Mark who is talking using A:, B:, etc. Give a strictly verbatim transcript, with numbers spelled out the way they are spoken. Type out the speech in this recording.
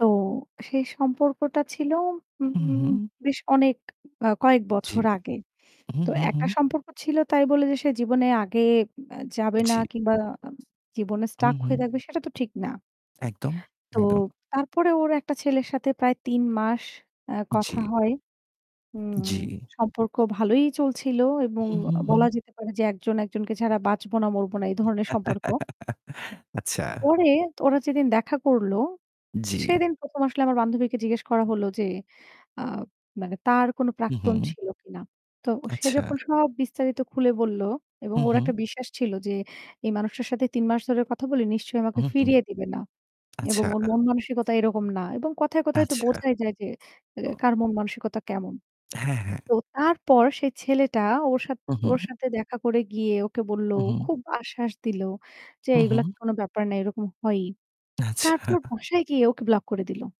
A: তো সেই সম্পর্কটা ছিল
B: হু,
A: উম
B: হু।
A: বেশ অনেক আ কয়েক
B: জি।
A: বছর আগে।
B: হু,
A: তো
B: হু, হু।
A: একটা সম্পর্ক ছিল তাই বলে যে সে জীবনে আগে আ যাবে না
B: জি।
A: কিংবা জীবনে
B: হু,
A: stuck হয়ে
B: হু।
A: থাকবে সেটা তো ঠিক না।
B: একদম,
A: তো
B: একদম।
A: তারপরে ওর একটা ছেলের সাথে প্রায় তিন মাস আ কথা
B: জি।
A: হয়। উম
B: জি।
A: সম্পর্ক ভালোই চলছিল এবং
B: হু, হু,
A: আ
B: হু।
A: বলা যেতে পারে যে একজন একজনকে ছাড়া বাঁচবো না মরবো না এই ধরনের সম্পর্ক।
B: আচ্ছা।
A: পরে ওরা যেদিন দেখা করল,
B: জি।
A: সেদিন প্রথম আসলে আমার বান্ধবীকে জিজ্ঞেস করা হল যে, আ মানে তার কোন
B: হু, হু।
A: প্রাক্তন ছিল কিনা। তো সে
B: আচ্ছা।
A: যখন সব বিস্তারিত খুলে বলল এবং
B: হু,
A: ওর
B: হু।
A: একটা বিশ্বাস ছিল যে এই মানুষটার সাথে তিন মাস ধরে কথা বলি। নিশ্চয়ই আমাকে
B: হু, হু।
A: ফিরিয়ে দিবে না। এবং
B: আচ্ছা।
A: ওর মন মানসিকতা এরকম না। এবং কথায়, কথায় তো
B: আচ্ছা।
A: বোঝাই যায় যে আ
B: ও।
A: কার মন মানসিকতা কেমন।
B: হ্যাঁ, হ্যাঁ।
A: তো তারপর সেই ছেলেটা ওর সাথে
B: হু, হু।
A: ওর সাথে দেখা করে গিয়ে ওকে বলল,
B: হু, হু।
A: খুব আশ্বাস দিলো যে
B: হু,
A: এগুলো
B: হু।
A: কোনো ব্যাপার না, এরকম হয়ই। তারপর
B: আচ্ছা।
A: বাসায় গিয়ে ওকে ব্লক করে দিল।